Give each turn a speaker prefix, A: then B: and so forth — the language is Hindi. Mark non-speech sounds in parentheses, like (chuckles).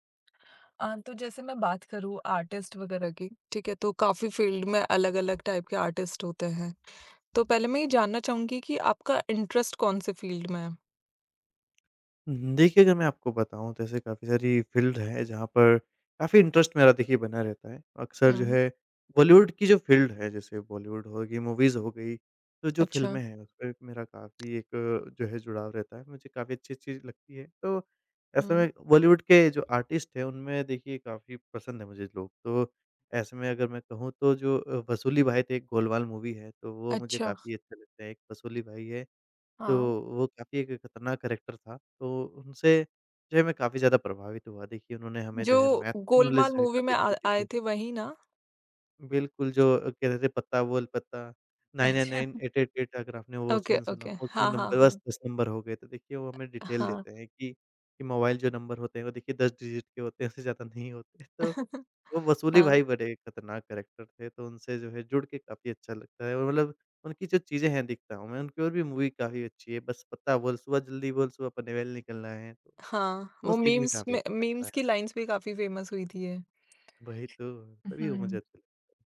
A: अ, तो जैसे मैं बात करूँ आर्टिस्ट वगैरह की, ठीक है तो काफ़ी फ़ील्ड में अलग-अलग टाइप के आर्टिस्ट होते हैं। तो पहले मैं ये जानना चाहूँगी कि आपका इंटरेस्ट कौन-से फ़ील्ड में है?
B: हुँ, हुँ। देखिए अगर मैं आपको बताऊँ तो ऐसे काफ़ी सारी फ़ील्ड है जहाँ पर काफ़ी इंटरेस्ट मेरा देखिए बना रहता है। अक्सर जो
A: हुँ।
B: है बॉलीवुड की जो फ़ील्ड है जैसे बॉलीवुड हो गई, मूवीज़ हो गई, तो जो
A: अच्छा।
B: फ़िल्में हैं उसमें मेरा काफ़ी एक जो है जुड़ाव रहता है, मुझे काफ़ी अच्छी-अच्छी लगती है। तो ऐसे
A: हुँ।
B: में बॉलीवुड के जो आर्टिस्ट हैं उनमें देखिए काफ़ी पसंद है मुझे लोग। तो ऐसे में अगर मैं कहूँ तो जो अ, वसूली भाई थे एक गोलमाल मूवी है तो वो मुझे
A: अच्छा।
B: काफ़ी अच्छे लगते है एक वसूली भाई है, तो
A: हाँ।
B: वो काफ़ी एक खतरनाक कैरेक्टर था, तो उनसे जो है मैं काफ़ी ज़्यादा प्रभावित हुआ। देखिए उन्होंने हमें जो है
A: जो,
B: मैथ की नॉलेज
A: गोलमाल
B: जो है
A: मूवी में
B: काफ़ी
A: आ
B: अच्छी दी
A: आए
B: थी।
A: थे वही ना?
B: बिल्कुल जो अ, कहते थे, "पत्ता बोल पत्ता।" 999
A: अच्छा।
B: 888 अगर आपने वो
A: ओके,
B: सीन सुना
A: ओके।
B: उसमें
A: हाँ, हाँ,
B: नंबर बस
A: हाँ।
B: 10 नंबर हो गए, तो देखिए वो हमें डिटेल
A: हाँ।
B: देते हैं कि कि मोबाइल जो नंबर होते हैं वो देखिए 10 डिजिट के होते हैं, उससे ज़्यादा नहीं होते। तो
A: (chuckles)
B: वो वसूली
A: हाँ।
B: भाई बड़े खतरनाक कैरेक्टर थे, तो उनसे जो है जुड़ के काफ़ी अच्छा लगता है। और मतलब उनकी जो चीजें हैं दिखता हूँ मैं उनकी और भी मूवी काफ़ी अच्छी है। बस पत्ता बोल, सुबह जल्दी बोल, सुबह पनवेल निकलना है।
A: हाँ,
B: वो
A: वो
B: सीन भी
A: मीम्स
B: काफ़ी
A: में
B: अच्छा लगता
A: मीम्स
B: है।
A: की लाइन्स भी काफ़ी फेमस हुई थी ये।
B: वही तो,
A: उ,
B: तभी वो मुझे
A: हुँ।
B: अच्छे लगते